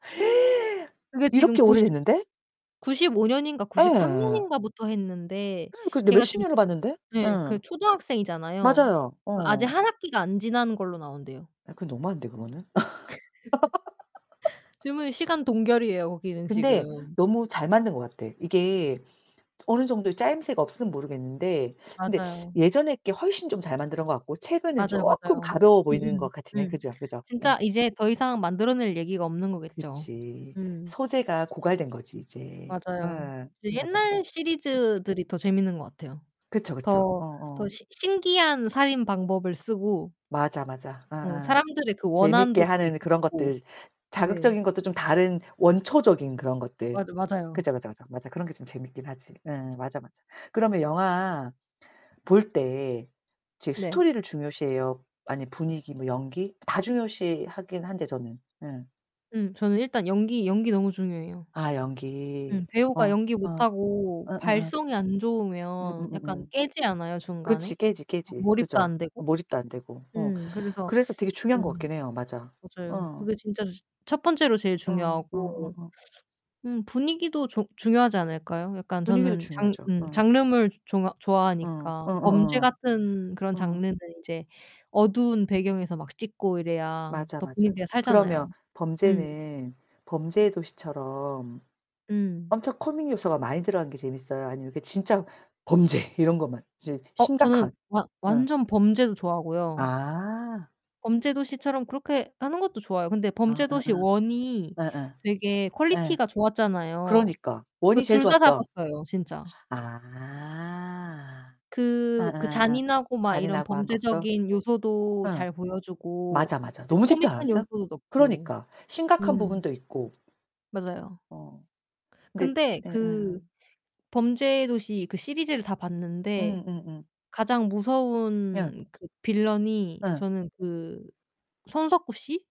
그게 지금 이렇게 90 오래됐는데? 95 년인가 93 예. 년인가부터 했는데 근데 걔가 몇십 지금 년을 봤는데? 네. 예. 그 초등학생이잖아요. 맞아요. 아직 어. 1 학기가 안 지난 걸로 나온대요. 아 그건 너무한데 그거는. 지금은 시간 동결이에요 거기는 근데 지금. 너무 잘 만든 것 같아. 이게 어느 정도 짜임새가 없으면 모르겠는데 근데 맞아요. 예전에 게 훨씬 좀 잘 만든 것 같고 최근에는 맞아요, 쪼끔 맞아요. 가벼워 보이는 음음. 것 같으네. 음. 그죠, 그죠. 응. 진짜 이제 더 이상 만들어 낼 얘기가 없는 거겠죠. 그치. 음. 소재가 고갈된거지 이제. 어 맞아요. 맞아, 맞아. 옛날 시리즈들이 더 재밌는 것 같아요. 그쵸, 그쵸. 더 어어. 더 신 신기한 살인 방법을 쓰고 맞아, 맞아. 어 예예. 사람들의 그 재밌게 원한도 되게 하는 그런 깊고. 것들 네. 자극적인 것도 좀 다른 원초적인 그런 것들. 맞아, 맞아요. 그죠, 그죠, 그죠. 맞아 그런 게 좀 재밌긴 하지. 음 맞아, 맞아. 그러면 영화 볼 때 이제 네. 스토리를 중요시해요. 아니 분위기 뭐 연기 다 중요시하긴 한데 저는 음. 음 저는 일단 연기 연기 너무 중요해요. 아 연기. 음 어. 배우가 연기 어. 못하고 어어어. 발성이 안 좋으면 약간 음음음음. 깨지 않아요 그치 중간에? 깨지. 깨지. 몰입도 그죠 안 되고. 몰입도 안되고 어 음. 그래서 그래서 되게 중요한 것 음. 같긴 해요 맞아 맞아요. 어. 그게 진짜 첫 번째로 제일 어. 중요하고 어어어. 음, 분위기도 좋 중요하지 않을까요? 약간 분위기도 저는 장 중요하죠. 음 어. 장르물 좋아 어. 좋아하니까. 범죄 어어어. 같은 그런 어. 장르는 이제 어두운 배경에서 막 찍고 이래야 맞아, 더 맞아. 분위기가 그러면 살잖아요. 음. 범죄는 범죄의 도시처럼 음. 엄청 코믹 요소가 많이 들어가는 게 재밌어요? 아니면 진짜 범죄 이런 것만 진짜 어 저는 심각한 완 응. 완전 범죄도 좋아하고요. 아. 범죄도시처럼 그렇게 하는 것도 좋아요. 근데 아아아. 범죄도시 1 이 예예. 되게 예. 퀄리티가 좋았잖아요. 그러니까 1 그 이 제일 둘 다 좋았죠. 잡았어요. 진짜. 아. 그 그 예예예예. 잔인하고 막 이런 잔인하고 한 것도? 범죄적인 요소도 응. 잘 보여주고 맞아, 맞아. 이제 너무 재밌지 코믹한 않았어요? 요소도 넣고. 그러니까 심각한 음. 부분도 있고. 맞아요. 어 근데 근데 그 응응. 범죄도시 그 시리즈를 다 봤는데 음음음. 가장 예. 무서운 그 빌런이 예. 저는 그 손석구 씨?